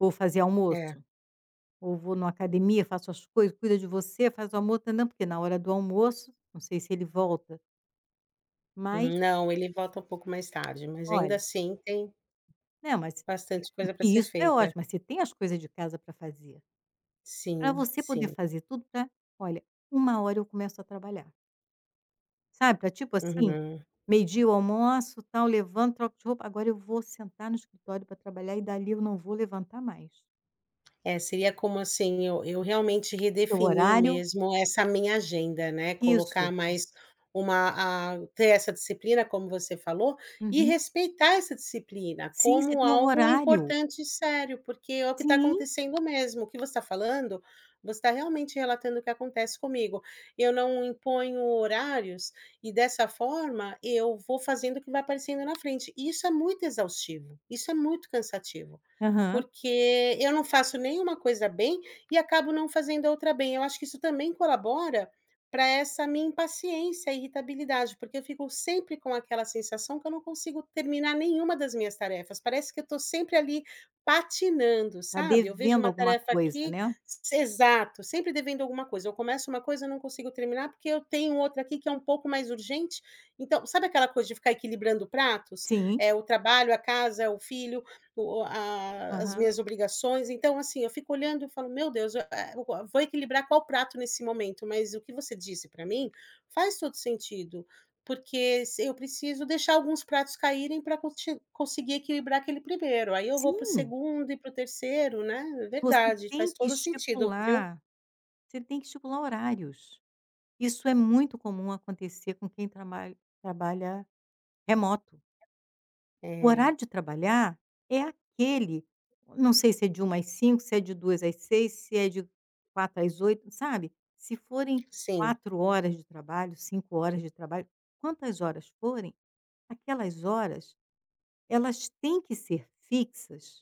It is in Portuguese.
Vou fazer É. almoço. Ou vou em uma academia, faço as coisas, cuida de você, faz o almoço, tãnã, porque, na hora do almoço, não sei se ele volta. Mas Não, ele volta um pouco mais tarde, mas ainda Olha assim tem Não, mas e bastante o coisa para que ser isso é feita. ótimo, mas você tem as coisas de casa para fazer. Pra Sim, você poder sim. fazer tudo pra olha, 1 hora, eu começo a trabalhar. Sabe, pra tipo assim: Uhum. meio-dia eu almoço, tal, levanto, troco de roupa, agora eu vou sentar no escritório pra trabalhar e dali eu não vou levantar mais. É, seria, como assim eu eu realmente Teu redefinir horário. mesmo essa minha agenda, né, colocar Isso. mais uma, ah ter essa disciplina, como você falou, e Uhum. respeitar essa disciplina Sim, você como tem o algo horário! importante e sério. Porque é o que tá Sim! acontecendo mesmo. O que você tá falando, você tá realmente relatando o que acontece comigo. Eu não imponho horários e, dessa forma, eu vou fazendo o que vai aparecendo na frente. E isso é muito exaustivo. Isso é muito cansativo. Aham. Porque eu não faço nem uma coisa bem e acabo não fazendo a outra bem. Eu acho que isso também colabora pra essa minha impaciência, irritabilidade, porque eu fico sempre com aquela sensação que eu não consigo terminar nenhuma das minhas tarefas. Parece que eu tô sempre ali patinando, Tá sabe? Eu vejo devendo uma alguma tarefa coisa, aqui né? S exato! Sempre devendo alguma coisa. Eu começo uma coisa, eu não consigo terminar, porque eu tenho outra aqui que é um pouco mais urgente. Então, sabe aquela coisa de ficar equilibrando pratos? Sim! É o trabalho, a casa, é o filho, o o as Aham. minhas obrigações. Então, assim, eu fico olhando e falo: “Meu Deus, eh, o vou equilibrar qual prato nesse momento?”. Mas o que você disse pra mim faz todo sentido. Porque, s eu preciso deixar alguns pratos caírem pra conti conseguir equilibrar aquele 1º, aí eu vou pro Sim. 2º e pro 3º, né? Você Verdade. tem Faz que todo o sentido, viu? estipular. Você tem que estipular horários. Isso é muito comum acontecer com quem tramalh trabalha remoto. O É. horário de trabalhar é aquele. O não sei se é de 13:00 às 17:00, se é de 14:00 às 18:00, se é de 16:00 às 20:00, sabe? Se forem Sim. 4 horas de trabalho, 5 horas de trabalho. Quantas horas forem, aquelas horas, elas têm que ser fixas